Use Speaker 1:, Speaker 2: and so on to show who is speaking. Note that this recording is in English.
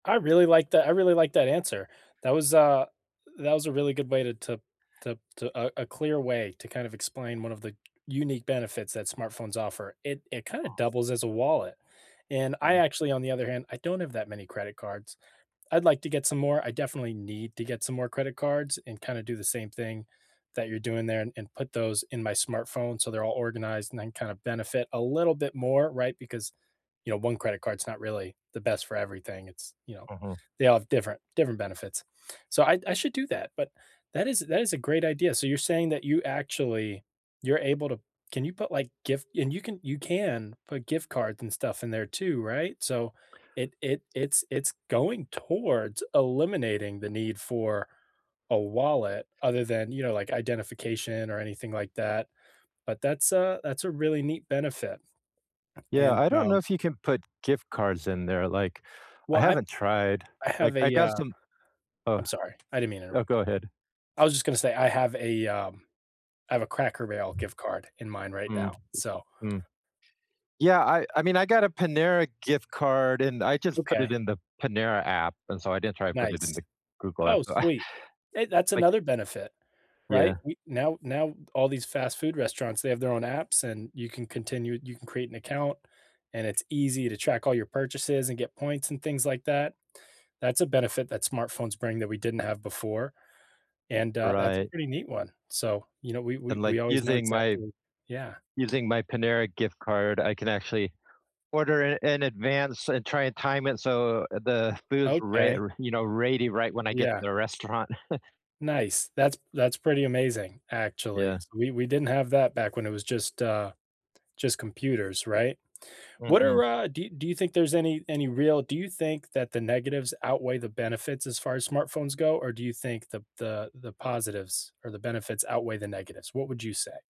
Speaker 1: I really like that I really like that answer. That was a that was a really good way to to to to a a clear way to kinda explain one of the unique benefits that smartphones offer. It it kinda
Speaker 2: Hmm.
Speaker 1: doubles as a wallet. And I
Speaker 2: Mm.
Speaker 1: actually, on the other hand, I don't have that many credit cards. I'd like to get some more, I definitely need to get some more credit cards, and kinda do the same thing that you're doing there and and put those in my smartphone so they're all organized and then kinda benefit a little bit more, right? Because, you know, one credit card's not really the best for everything. It's, you know
Speaker 2: Mhm.
Speaker 1: they all have different different benefits. So I I should do that, but that is that is a great idea. So, you're saying that you actually you're able to can you put, like, gift and you can you can put gift cards and stuff in there too, right? So it it it's it's going towards eliminating the need for a wallet, other than, you know, like, identification or anything, like, that. But that's a that's a really neat benefit.
Speaker 2: Yeah,
Speaker 1: And,
Speaker 2: I don't know
Speaker 1: um
Speaker 2: if you can put gift cards in there. Like, I
Speaker 1: Well, I've
Speaker 2: haven't tried.
Speaker 1: I
Speaker 2: Like,
Speaker 1: have
Speaker 2: I
Speaker 1: a,
Speaker 2: got
Speaker 1: uh
Speaker 2: some Oh.
Speaker 1: I'm sorry, I didn't mean to
Speaker 2: Oh,
Speaker 1: interrupt.
Speaker 2: go ahead.
Speaker 1: I was just gonna say, I have a, um I have a Cracker Barrel gift card in mine right
Speaker 2: Mm.
Speaker 1: now, so
Speaker 2: Mm. Yeah, I I mean, I got a Panera gift card, and I just put it
Speaker 1: Okay.
Speaker 2: in the Panera app, and so I didn't try to put it in
Speaker 1: Nice.
Speaker 2: the Google
Speaker 1: Oh,
Speaker 2: app, so,
Speaker 1: sweet. Hey, that's
Speaker 2: like
Speaker 1: another benefit. Right?
Speaker 2: Yeah.
Speaker 1: We now now all these fast food restaurants, they have their own apps, and you can continue you can create an account, and it's easy to track all your purchases and get points and things like that. That's a benefit that smartphones bring that we didn't have before, and, uh, that's a
Speaker 2: Right.
Speaker 1: pretty neat one. So, you know, we we
Speaker 2: And, like,
Speaker 1: we always know
Speaker 2: using my
Speaker 1: exactly Yeah.
Speaker 2: using my Panera gift card, I can actually order in in advance and try and time it so the food's re
Speaker 1: Okay.
Speaker 2: r you know, ready right when I get to
Speaker 1: Yeah.
Speaker 2: the restaurant.
Speaker 1: Nice. That's that's pretty amazing, actually.
Speaker 2: Yeah.
Speaker 1: We we didn't have that back when it was just, uh just computers, right? What
Speaker 2: Mm-mm.
Speaker 1: are, uh do y do you think there's any any real do you think that the negatives outweigh the benefits as far as smartphones go, or do you think the the the positives or the benefits outweigh the negatives? What would you say?